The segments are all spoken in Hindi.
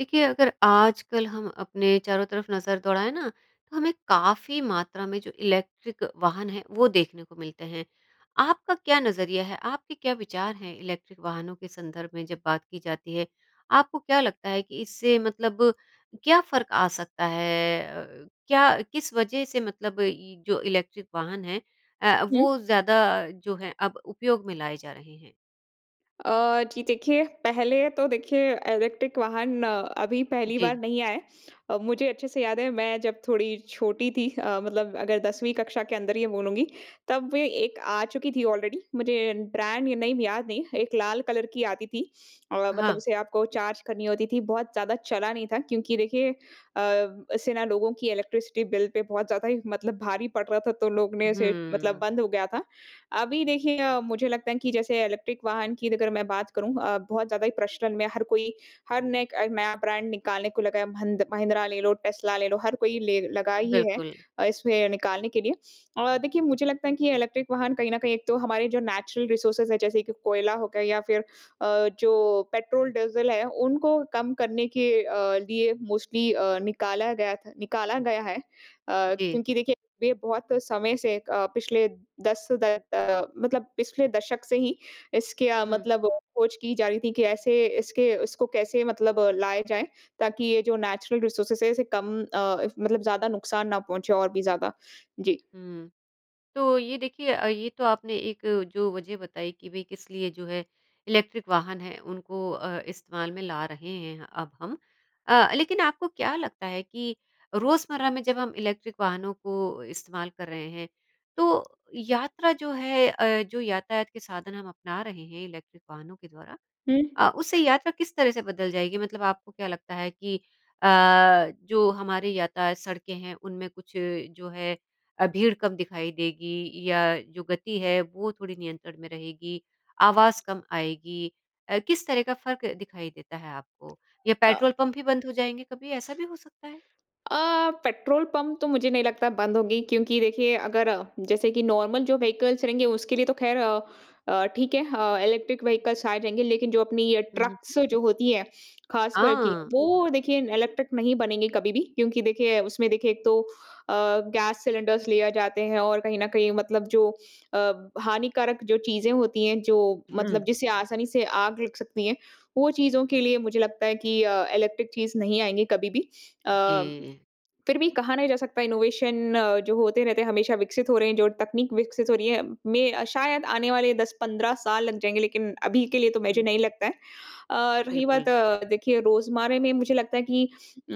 देखिए अगर आजकल हम अपने चारों तरफ नज़र दौड़ाए ना तो हमें काफ़ी मात्रा में जो इलेक्ट्रिक वाहन हैं वो देखने को मिलते हैं। आपका क्या नज़रिया है, आपके क्या विचार हैं इलेक्ट्रिक वाहनों के संदर्भ में जब बात की जाती है? आपको क्या लगता है कि इससे मतलब क्या फ़र्क आ सकता है अ, क्या किस वज़ह से मतलब जो इलेक्ट्रिक वाहन है अ, हुँ। वो ज़्यादा जो है अब उपयोग में लाए जा रहे हैं? अ, जी देखिए पहले तो देखिए इलेक्ट्रिक वाहन अभी पहली बार जी। नहीं आया है अ, मुझे अच्छे से याद है मैं जब थोड़ी छोटी थी अ, मतलब अगर 10वीं कक्षा के अंदर ये बोलूँगी तब वे एक आ चुकी थी ऑलरेडी मुझे ब्रांड नेम याद नहीं एक लाल कलर की आती थी और मतलब हाँ। उसे आपको चार्ज करनी होती थी बहुत ज़्यादा चला नहीं था क्योंकि देखिए अ, इससे ना लोगों की इलेक्ट्रिसिटी बिल पे बहुत ज़्यादा ही मतलब भारी पड़ रहा था तो लोगों ने इसे मतलब हुँ। बंद हो गया था। अभी देखिए मुझे लगता है कि जैसे इलेक्ट्रिक वाहन की अगर मैं बात करूँ अ, बहुत ज़्यादा ही प्रचलन में हर कोई हर नये एक नया ब्रांड निकालने को लगा है भंद महिंद्रा ले लो टेस्ला ले लो हर कोई ले लगा ही है। बिल्कुल। अ, इसमें निकालने के लिए और देखिए मुझे लगता है कि इलेक्ट्रिक वाहन कहीं न कहीं एक तो हमारे जो नेचुरल रिसोर्स है जैसे कि कोयला हो गया या फ़िर अ, जो पेट्रोल डीज़ल है उनको कम करने के अ, लिए मोस्टली अ, निकाला गया था निकाला गया है। अ, जी। क्योंकि देखिए वे बहुत समय से अ, पिछले 10 मतलब पिछले दशक से ही इसके अ, हुँ। मतलब खोज की जा रही थी कि ऐसे इसके इसको कैसे मतलब लाया जाए ताकि ये जो नेचुरल रिसोर्सेज़ हैं इसे कम अ, मतलब ज़्यादा नुकसान ना पहुँचे और भी ज़्यादा। जी। हुँ, तो ये देखिए अ, ये तो आपने एक जो वज़ह बताई कि भई किस लिए जो है इलेक्ट्रिक वाहन है उनको अ, इस्तेमाल में ला रहे हैं अब हम अ, लेकिन आपको क्या लगता है कि रोजमर्रा में जब हम इलेक्ट्रिक वाहनों को इस्तेमाल कर रहे हैं तो यात्रा जो है अ, जो यातायात के साधन हम अपना रहे हैं इलेक्ट्रिक वाहनों के द्वारा हुँ। अ, उससे यात्रा किस तरह से बदल जाएगी मतलब आपको क्या लगता है कि अ, जो हमारी यातायात सड़कें हैं उनमें कुछ जो है अ, भीड़ कम दिखाई देगी या जो गति है वो थोड़ी नियंत्रण में रहेगी आवाज़ कम आएगी अ, किस तरह का फ़र्क दिखाई देता है आपको या अ। पेट्रोल पंप भी बंद हो जाएँगे कभी ऐसा भी हो सकता है? अ, पेट्रोल पंप तो मुझे नहीं लगता बंद होंगी क्योंकि देखिए अगर जैसे कि नॉर्मल जो व्हीकल्स रहेंगे उसके लिए तो ख़ैर अ, ठीक है अ, इलेक्ट्रिक व्हीकल्स आए रहेंगे लेकिन जो अपनी ये हुँ, हुँ। ट्रक्स जो होती हैं ख़ास कर कि हाँ। वो देखिए इलेक्ट्रिक नहीं बनेंगे कभी भी क्योंकि देखिए उसमें देखिए एक तो अ, गैस सिलेंडरस ले जाते हैं और कहीं न कहीं मतलब जो अ, हानिकारक जो चीज़ें होती हैं जो मतलब हुँ। जिसे आसानी से आग लग सकती है वो चीज़ों के लिए मुझे लगता है कि इलेक्ट्रिक चीज़ नहीं आएँगे कभी-भी अ, जी। फ़िर भी कहा नहीं जा सकता इनोवेशन जो होते रहते हैं हमेशा विकसित हो रहे हैं जो तकनीक विकसित हो रही है मैं शायद आने वाले 10-15 साल लग जाएँगे लेकिन अभी के लिए तो मुझे हुँ। नहीं लगता है। अ, रही बात बिल्कुल। देखिए रोज़मर्रा में मुझे लगता है कि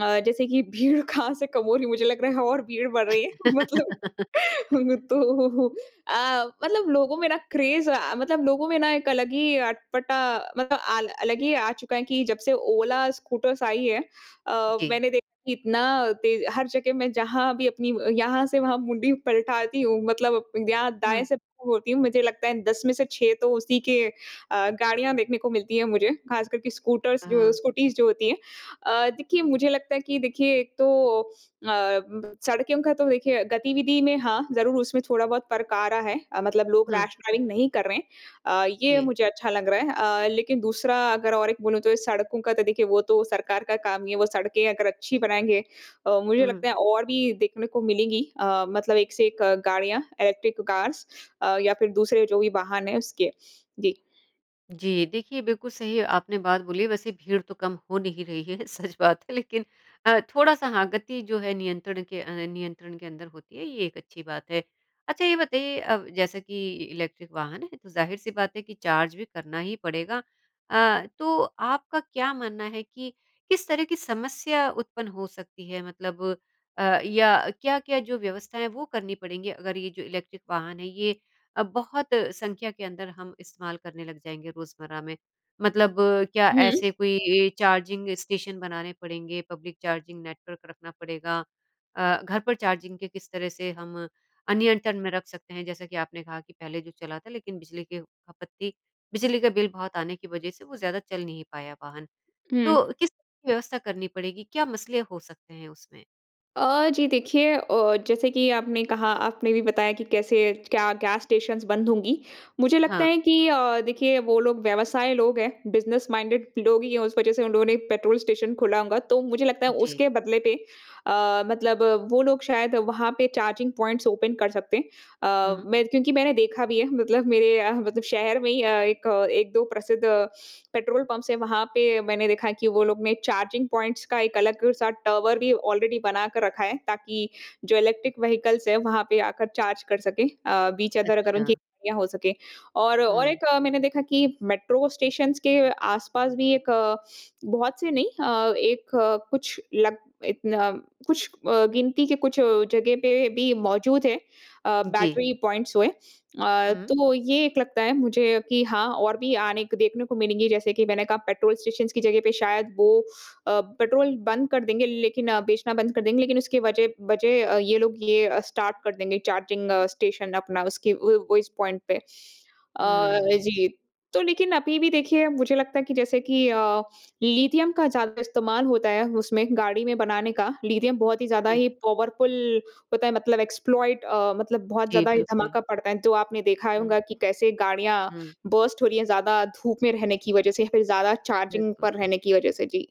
अ, जैसे कि भीड़ कहाँ से कम हो रही है मुझे लग रहा है और भीड़ बढ़ रही है मतलब। तो अ, मतलब लोगों में ना क्रेज़ अ, मतलब लोगों में ना एक अलग ही अटपटा मतलब अ, अलग ही आ चुका है कि जब से ओला स्कूटर्स आई है अ, जी। मैंने देखा कि इतना तेज़ हर जगह मैं जहाँ भी अपनी यहाँ से वहाँ मुंडी पलटाती हूँ मतलब यहाँ दाएँ हुँ। से होती हूँ मुझे लगता है 10 में से 6 तो उसी के अ, गाड़ियाँ देखने को मिलती हैं मुझे ख़ासकर के स्कूटर्स जो हाँ। स्कूटीज़ जो होती हैं। अ, देखिए मुझे लगता है कि देखिए एक तो अ, सड़कों का तो देखिए गतिविधि में हाँ ज़रूर उसमें थोड़ा-बहुत फ़र्क आ रहा है अ, मतलब लोग हुँ। रैश ड्राइविंग नहीं कर रहे हैं अ, ये जी। मुझे अच्छा लग रहा है अ, लेकिन दूसरा अगर और एक बोलूँ तो सड़कों का तो देखिए वो तो सरकार का काम हीं है वो सड़कें अगर अच्छी बनाएँगे अ, मुझे हुँ। लगता है और भी देखने को मिलेंगी अ, मतलब एक से एक गाड़ियाँ इलेक्ट्रिक कार्स या फ़िर दूसरे जो भी वाहन हैं उसके। जी। जी। देखिए, बिल्कुल सही आपने बात बोली है। वैसे भीड़ तो कम हो नहीं रही है, सच बात है। लेकिन अ, थोड़ा-सा हाँ, गति जो है नियंत्रण के अ, नियंत्रण के अंदर होती है, ये एक अच्छी बात है। अच्छा, ये बताइए, अब जैसा कि इलेक्ट्रिक वाहन है, तो ज़ाहिर-सी बात है कि चार्ज भी करना ही पड़ेगा। अ, तो आपका क्या मानना है कि किस तरह की समस्या उत्पन्न हो सकती है? मतलब अ, या क्या-क्या जो व्यवस्थाएँ, वो करनी पड़ेंगी, अगर ये जो इलेक्ट्रिक वाहन है, ये अ, बहुत संख्या के अंदर हम इस्तेमाल करने लग जाएँगे रोज़मर्रा में? मतलब क्या हुँ। ऐसे कोई ए चार्जिंग स्टेशन बनाने पड़ेंगे, पब्लिक चार्जिंग नेटवर्क रखना पड़ेगा अ, घर पर चार्जिंग के किस तरह से हम अ, नियंत्रण में रख सकते हैं? जैसा कि आपने कहा कि पहले जो चला था, लेकिन बिजली के खपत थी। बिजली का बिल बहुत आने की वजह से वो ज़्यादा चल नहीं पाया वाहन। हुँ। तो किस [unintelligible] व्यवस्था करनी पड़ेगी? क्या मसले हो सकते हैं उसमें? अ, जी देखिए अ, जैसे कि आपने कहा, आपने भी बताया कि कैसे, क्या गैस स्टेशन्स बंद होंगी। मुझे लगता हाँ। है कि अ, देखिए, वो लोग व्यवसाय लोग हैं, बिज़नेस माइंडेड लोग ही हैं, उस वजह से उन लोगों ने एक पेट्रोल स्टेशन खोला होगा। तो मुझे लगता है, जी। उसके बदले पे अ, मतलब वो लोग शायद वहाँ पे चार्जिंग पॉइंट्स ओपन कर सकते हैं। अ, हुँ। मेर क्योंकि मैंने देखा भी है, मतलब मेरे अ, मतलब शहर में ही अ, एक, 1-2 प्रसिद्ध पेट्रोल पम्प्स हैं। वहाँ पे मैंने देखा है कि वो लोग ने चार्जिंग पॉइंट्स का एक अलग-सा टावर भी ऑलरेडी बना कर रखा है, ताकि जो इलेक्ट्रिक व्हीकल्स हैं, वहाँ पे आकर चार्ज कर सकें। अ, बीच अदर अगर अच्छा। उनकी [unintelligible] हो सकें और और हुँ। एक अ, मैंने देखा कि मेट्रो स्टेशन्स के आस-पास भी एक, बहुत से नहीं अ, एक कुछ लग इतन कुछ अ, गिनती के कुछ जगह पे भी मौजूद हैं अ, जी। बैटरी पॉइंट्स हुए। अ, हुँ। तो ये एक लगता है मुझे कि हाँ और भी आने क देखने को मिलेंगी। जैसे कि मैंने कहा, पेट्रोल स्टेशन्स की जगह पे शायद वो अ, पेट्रोल बंद कर देंगे, लेकिन बेचना बंद कर देंगे, लेकिन उसकी वजह वजह अ, ये लोग ये अ, स्टार्ट कर देंगे, चार्जिंग स्टेशन अपना, उसकी वो उस पॉइंट पे। अ, हुँ। जी। तो लेकिन अभी भी देखिए, मुझे लगता है कि जैसे कि अ, लिथियम का ज़्यादा इस्तेमाल होता है उसमें, गाड़ी में बनाने का। लिथियम बहुत ही ज़्यादा जी। ही पावरफुल होता है, मतलब एक्सप्लॉइट अ, मतलब बहुत जी, ज़्यादा ही बिल्कुल। धमाका पड़ता है, जो आपने देखा ही हुँ। होगा कि कैसे गाड़ियाँ हुँ। बर्स्ट हो रही हैं ज़्यादा धूप में रहने की वजह से या फिर ज़्यादा चार्जिंग बिल्कुल। पर रहने की वजह से। जी।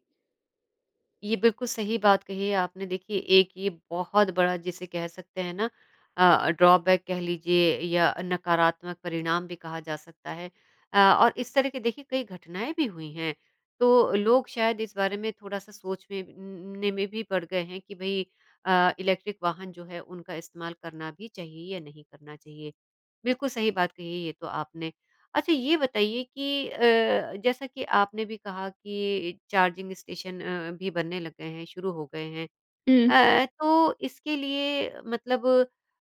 ये बिल्कुल सही बात कही है आपने देखिए, एक ये बहुत बड़ा जिसे कह सकते हैं ना अ, ड्रॉबैक कह लीजिए या नकारात्मक परिणाम भी कहा जा सकता है। अ, और इस तरह के देखिए कई घटनाएँ भी हुई हैं तो लोग शायद इस बारे में थोड़ा-सा सोच में न न ने में पड़ गए हैं कि भई अ, इलेक्ट्रिक वाहन जो है उनका इस्तेमाल करना भी चाहिए या नहीं करना चाहिए। बिल्कुल सही बात कही है ये तो आपने। अच्छा ये बताइए कि अ, जैसा कि आपने भी कहा कि चार्जिंग स्टेशन अ, भी बनने लग गए हैं, शुरू हो गए हैं। हुँ। अ अ, तो इसके लिए मतलब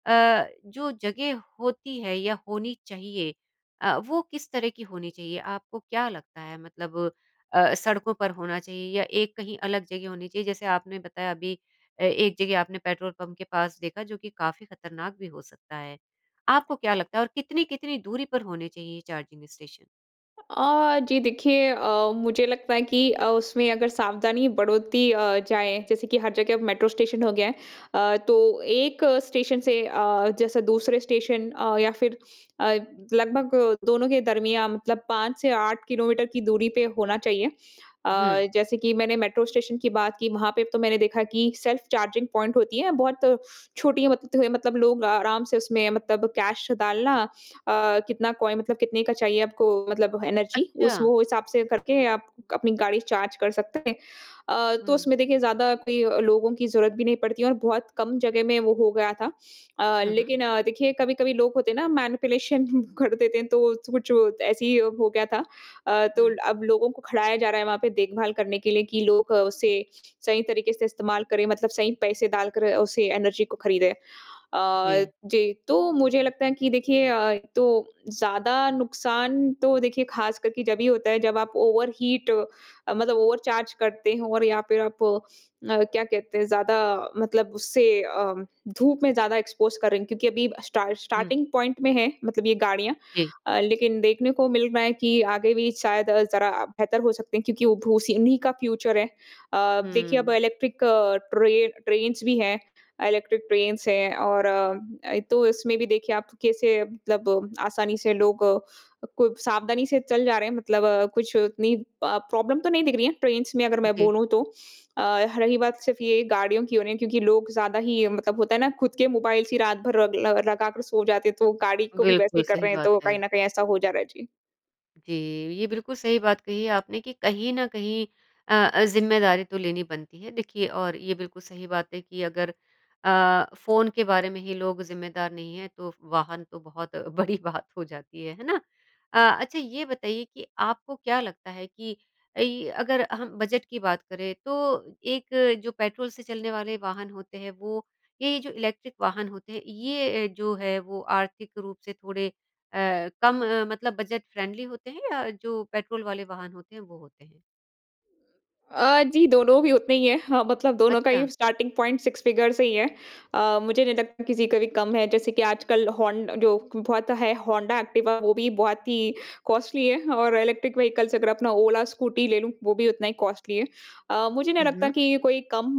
अ, जो जगह होती है या होनी चाहिए अ, वो किस तरह की होनी चाहिए आपको क्या लगता है मतलब अ, सड़कों पर होना चाहिए या एक कहीं अलग जगह होनी चाहिए जैसे आपने बताया अभी अ, एक जगह आपने पेट्रोल पंप के पास देखा जो कि काफ़ी खतरनाक भी हो सकता है आपको क्या लगता है और कितनी-कितनी दूरी पर होने चाहिए ये चार्जिंग स्टेशन? अ, जी देखिए अ, मुझे लगता है कि अ, उसमें अगर सावधानी बढ़ोती अ, जाए जैसे कि हर जगह मेट्रो स्टेशन हो गया है। अ, तो एक स्टेशन से अ, जैसे दूसरे स्टेशन अ, या फिर अ, लगभग दोनों के दरमियाँ मतलब 5 से 8 किलोमीटर की दूरी पे होना चाहिए। अ, हुँ। जैसे की मैंने मेट्रो स्टेशन की बात की वहाँ पे तो मैंने देखा की सेल्फ चार्जिंग पॉइंट होती है। बहुत छोटी मत त है मतलब लोग अ, आराम से उसमें मतलब कैश डालना अ, कितना कॉइ मतलब कितने का चाहिए आपको मतलब एनर्जी उस अच्छा। वो हिसाब से करके आप अपनी गाड़ी चार्ज कर सकते हैं। अ, तो हुँ। उसमें देखिए ज़्यादा कोई लोगों की ज़रूरत भी नहीं पड़ती है और बहुत कम जगह में वो हो गया था। अ, हुँ, हुँ। लेकिन अ, देखिए कभी-कभी लोग होते हैं ना मैनिपुलेशन कर देते हैं तो कुछ वो ऐसे ही हो गया था अ, तो हुँ। अब लोगों को खड़ाया जा रहा है वहाँ पे देखभाल करने के लिए कि लोग उसे सही तरीके से इस्तेमाल करें मतलब सही पैसे डालकर उसे एनर्जी को खरीदें। अ, जी। जी तो मुझे लगता है कि देखिए अ, एक तो ज़्यादा नुकसान तो देखिए ख़ासकर के जभी होता है जब आप ओवरहीट अ, मतलब ओवरचार्ज करते हों और या फिर आप अ, क्या कहते हैं ज़्यादा मतलब उससे अम, धूप में ज़्यादा एक्सपोज़ कर रहे हैं क्योंकि अभी स्टार्ट हुँ। स्टार्टिंग पॉइंट में है मतलब ये गाड़ियाँ जी। अ, लेकिन देखने को मिल रहा है कि आगे भी शायद ज़रा बेहतर हो सकते हैं क्योंकि वो भो सी इन्हीं का फ्यूचर है। अ, देखिए अब हुँ। इलेक्ट्रिक ट्रे ट्रेन्स भी हैं अ, इलेक्ट्रिक ट्रेन्स हैं और अ अ, तो इसमें भी देखिए आप कैसे मतलब आसानी से लोग को सावधानी से चल जा रहे हैं मतलब कुछ उतनी अ, प्रॉब्लम तो नहीं दिख रही है ट्रेन्स में अगर मैं जी। बोलूँ तो अ, रही बात सिर्फ ये गाड़ियों की हो रही है क्योंकि लोग ज़्यादा ही मतलब होता है ना खुद के मोबाइल्स ही रात भर रग ल लगा कर सो जाते हैं तो गाड़ी को भी वैसे ही बिल्कुल, कर सही रहे हैं बात तो कहीं है। न कहीं ऐसा हो जा रहा है, जी। जी, ये बिल्कुल सही बात कही है आपने कि कहीं न कहीं अ अ, ज़िम्मेदारी तो लेनी बनती है, देखिए और ये बिल्कुल सही बात है कि अगर अ, फ़ोन के बारे में ही लोग ज़िम्मेदार नहीं हैं, तो वाहन तो बहुत बड़ी बात हो जाती है, है ना? अ, अच्छा ये बताइए कि आपको क्या लगता है कि इ अगर हम बजट की बात करें तो एक जो पेट्रोल से चलने वाले वाहन होते हैं वो? या ये जो इलेक्ट्रिक वाहन वाहन होते हैं ये अ, जो है वो आर्थिक रूप से थोड़े अ, कम अ, मतलब बजट-फ़्रेंडली होते हैं या जो पेट्रोल वाले वाहन होते हैं, वो होते हैं? अ, जी दोनों भी उतने ही हैं। हाँ मतलब दोनों का अच्छा। ही स्टार्टिंग पॉइंट 6 फ़िगर से ही है। अ, मुझे नहीं लगता किसी का भी कम है जैसे कि आजकल होंड जो बहुत है होंडा एक्टिवा वो भी बहुत ही कॉस्टली है और इलेक्ट्रिक व्हीकल्स अगर अपना ओला स्कूटी ले, लूँ वो भी उतना ही कॉस्टली है। अ, मुझे नहीं हुँ, लगता हुँ। कि कोई कम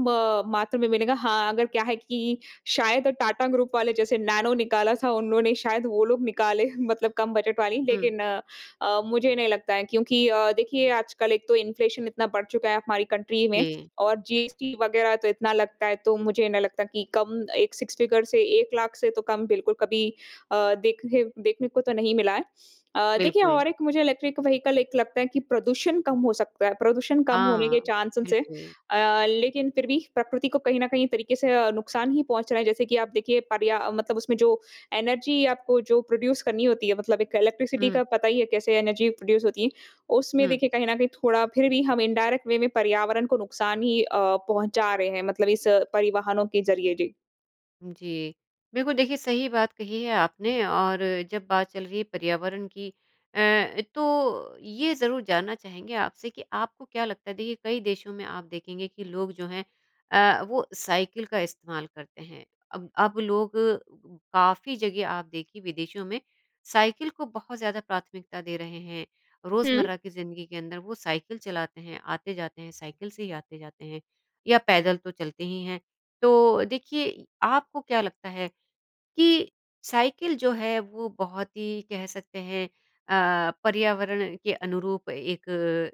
मात्रा में मिलेगा, हाँ अगर क्या है कि शायद टाटा ग्रुप वाले जैसे नैनो निकाला था उन्होंने शायद वो लोग निकालें, मतलब कम बजट वाली। हुँ। लेकिन अ अ, मुझे नहीं लगता है क्योंकि अ, देखिए आजकल एक तो इन्फ़्लेशन इतना बढ़ चुका है हमारी कंट्री में जी। और जीएसटी वगैरह तो इतना लगता है, तो मुझे नहीं लगता कि कम एक सिक्स फ़िगर से 1 लाख से तो कम बिल्कुल कभी अ, देखने देखने को तो नहीं मिला है। अ, देखिए बिल्कुल। और एक मुझे इलेक्ट्रिक व्हीकल एक लगता है कि प्रदूषण कम हो सकता है, प्रदूषण कम होने के हाँ, चांसेज़ हैं। बिल्कुल। अ, लेकिन फिर भी प्रकृति को कहीं न कहीं तरीके से अ, नुकसान ही पहुँच रहा है, जैसे कि आप देखिए पर्या मतलब उसमें जो एनर्जी आपको जो प्रोड्यूस करनी होती है मतलब एक इलेक्ट्रिसिटी हुँ। का पता ही है कैसे एनर्जी प्रोड्यूस होती है, उसमें हुँ। देखिए कहीं न कहीं थोड़ा फिर भी हम इनडायरेक्ट वे में पर्यावरण को नुकसान ही अ, पहुँचा रहे हैं मतलब इस परिवहनों के ज़रिए। जी। जी। बिल्कुल, देखिए सही बात कही है आपने और जब बात चल रही है पर्यावरण की अ, तो ये ज़रूर जानना चाहेंगे आपसे कि आपको क्या लगता है? देखिए कई देशों में आप देखेंगे कि लोग जो हैं अ, वो साइकिल का इस्तेमाल करते हैं। अब अब लोग काफ़ी जगह आप देखिए विदेशों में साइकिल को बहुत ज़्यादा प्राथमिकता दे रहे हैं। हुँ। रोज़मर्रा की ज़िंदगी के अंदर वो साइकिल चलाते हैं, आते-जाते हैं साइकिल से ही आते-जाते हैं या पैदल तो चलते ही हैं। तो देखिए आपको क्या लगता है कि साइकिल जो है वो बहुत ही कह सकते हैं अ, पर्यावरण के अनुरूप एक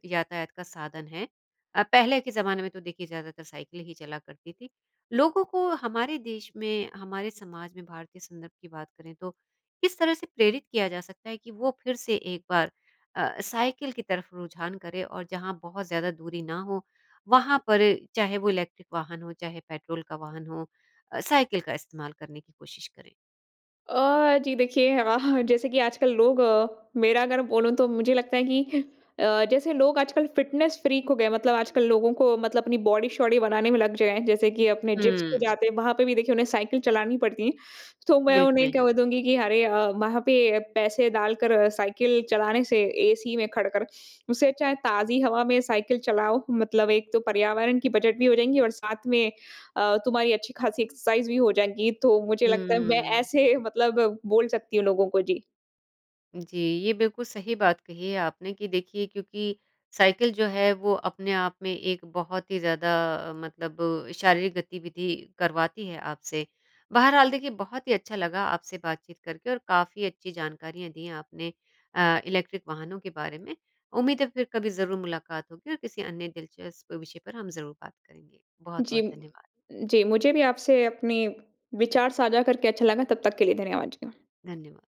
यातायात का साधन है। अ, पहले के ज़माने में तो देखिए ज़्यादातर साइकिल ही चला करती थी। लोगों को हमारे देश में हमारे समाज में भारतीय संदर्भ की बात करें तो किस तरह से प्रेरित किया जा सकता है कि वो फिर से एक बार अ, साइकिल की तरफ रुझान करें? और जहाँ बहुत ज़्यादा दूरी ना हो, वहाँ पर चाहे वो इलेक्ट्रिक वाहन हो चाहे पेट्रोल का वाहन हो अ, साइकिल का इस्तेमाल करने की कोशिश करें। अ, जी देखिए अ, जैसे कि आजकल लोग मेरा अगर बोलूँ तो मुझे लगता है कि अ, जैसे लोग आजकल फिटनेस फ्रीक हो गए हैं, मतलब आजकल लोगों को मतलब अपनी बॉडी-शॉडी बनाने में लग जाए, जैसे कि अपने जिम्स पे हुँ। जाते हैं, वहाँ पे भी देखिए उन्हें साइकिल चलानी पड़ती है। तो मैं उन्हें बिल्कुल। कह दूँगी कि अरे अ, वहाँ पे पैसे डालकर साइकिल चलाने से, एसी में खड़ कर, उससे अच्छा है ताज़ी हवा में साइकिल चलाओ, मतलब एक तो पर्यावरण की बजट भी हो जाएँगी और साथ में अ, तुम्हारी अच्छी ख़ासी एक्सरसाइज़ भी हो जाएगी। तो मुझे लगता है मैं हम्म। ऐसे मतलब बोल सकती हूँ लोगों को। जी। जी। ये बिल्कुल सही बात कही है आपने कि देखिए, क्योंकि साइकिल जो है वो अपने आप में एक बहुत ही ज़्यादा मतलब शारीरिक गतिविधि करवाती है आपसे। बहरहाल देखिए बहुत ही अच्छा लगा आपसे बातचीत करके और काफ़ी अच्छी जानकारियाँ दी हैं आपने अ, इलेक्ट्रिक वाहनों के बारे में। उम्मीद है, फिर कभी ज़रूर मुलाक़ात होगी और किसी अन्य दिलचस्प विषय पर हम ज़रूर बात करेंगे। जी। बहुत-बहुत धन्यवाद। जी, मुझे भी आपसे अपनी विचार साझा करके अच्छा लगा। तब तक के लिए धन्यवाद जी, अ। धन्यवाद।